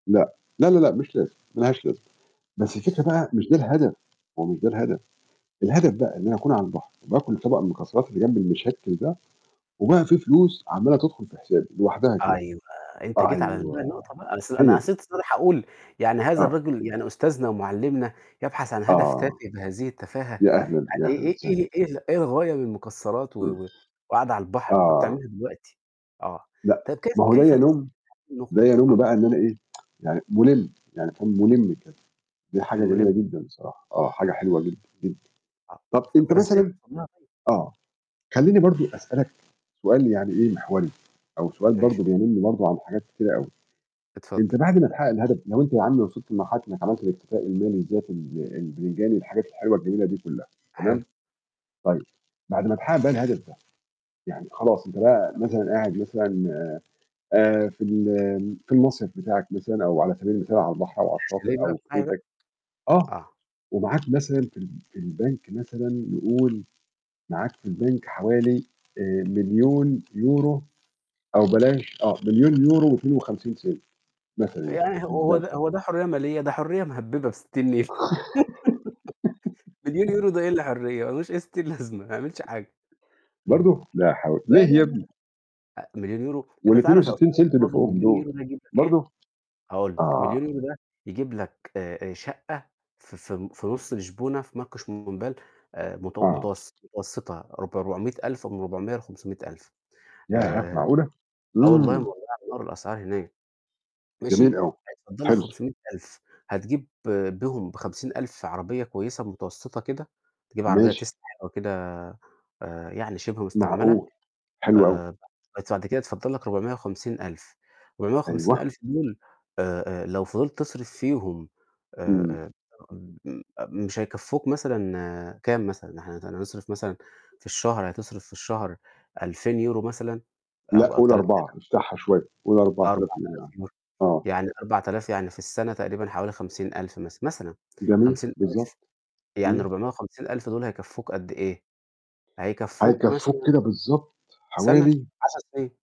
لأ. لا، لا، لأ، مش لازم، ما لهاش لازمة. بس الفكرة ماشي. بقى مش ده الهدف، ما هو مش ده الهدف، الهدف بقى إن أنا أكون على البحر وباكل طبق المكسرات اللي جنبي المِشكِّل ده، وبقى في فلوس عمّالة تدخُل في حسابي لوحدها كده. أيوه، أنت جيت على بقى أيوه، النقطة بقى أنا قص هي أنا دي. قصدت الصراحة أقول يعني هذا آه. الرجل يعني أستاذنا ومعلمنا يبحث عن هدف تافه آه. بهذه التفاهة، يا أهلًا، يعني يا أهلًا إي وسهلًا. إيه إيه إيه الغاية من المكسرات و إمم. و وقاعدة على البحر؟ ما كنت آه. تعملها دلوقتي. آه. لأ، طب كيف ما هو ده كيف [unintelligible] يَنُم ده النقطة؟ يَنُم آه. بقى إن أنا إيه يعني مُلِم، يعني أكون مُلِم كده، دي حاجة جميلة مُلِم. جدًا بصراحة. آه، حاجة آه. حلوة جدًا، جدًا. آه، طب ف أنت فإزاي مثلًا توصل لها طيب؟ آه. خلّيني برضو أسألك سؤال يعني إيه محوري، أو سؤال ماشي. برضو بيَنُم برضو عن حاجات كتيرة أوي. اتفضل. أنت بعد ما تحقق الهدف لو أنت يا عم وصلت لمرحلة إنك عملت الاكتفاء المالي الذاتي ال البتنجاني والحاجات الحلوة الجميلة دي كلّها، تمام؟ حلو. طيب. بعد ما تحقق بقى الهدف ده، يعني خلاص أنت بقى مثلًا قاعد مثلًا آآ في ال في المصيف بتاعك مثلًا، أو على سبيل المثال على البحر أو على الشاطئ الchalet بقى أو في بتاعي بقى. بيتك. آه، آه. ومعاك مثلًا في ال في البنك مثلًا نقول معاك في البنك حوالي آآ 1000000€ أو بلاش آه، 1000000.52€، مثلًا يعني، يعني ه في هو البنك. ده هو ده حرية مالية؟ ده حرية مهببة بستين نيلة. مليون يورو ده إيه اللي حرية؟ ما لوش أي ستين لازمة، ما يعملش حاجة. إمم. برضو؟ لا حول لا، ليه لا، يا لا. ابني؟ أ 1000000 يورو، أنت والاتنين تعرف يا وستين أستاذي cent اللي الفاضل فوقهم مليون دول؟ يورو ده يجيب لك إيه؟ برضو؟ هاقول لك، آه. 1000000€ ده يجيب لك آآ آآ شقة ف ف في نُص لشبونة في Marquês de Pombal آآ متو آه. متوس متوسطة ربع 400000، من 400 ل500000. ياه، آآ معقولة! آه والله إمم. مولعة نار الأسعار هناك. ماشي، جميل أوي. هيتفضَّل لك حلو. 500000، هتجيب بيهم ب50000 عربية كويسة متوسطة كده، تجيب عربية ماشي. Tesla حلوة كده، آآ يعني شِبه مستعملة، معقول. حلو أوي. آآ [unintelligible] بعد كده يتفضَّل لك 450000، ربعمية وخمسين أيوه. ألف دول آآ آآ لو فضِلت تصرِف فيهم آآ إمم. آآ م مش هيكفوك مثلًا كام مثلًا؟ إحنا هنت هنصرِف مثلًا في الشهر هتصرِف في الشهر 2000€ مثلًا لأ، أو أو قل تلات 4، آلاف افتحها شوية، قل أربع آلاف أربع يورو يعني آلاف يورو، آه. يعني 4000 يعني في السنة تقريبًا حوالي 50000 مثلًا مثلًا. جميل، خمسين بالضبط. ألف يعني إمم. 450000 دول هيكفوك قد إيه؟ هيكفوك هيكفوك مثلًا كده بالضبط سنة؟ حوالي 10 سنين.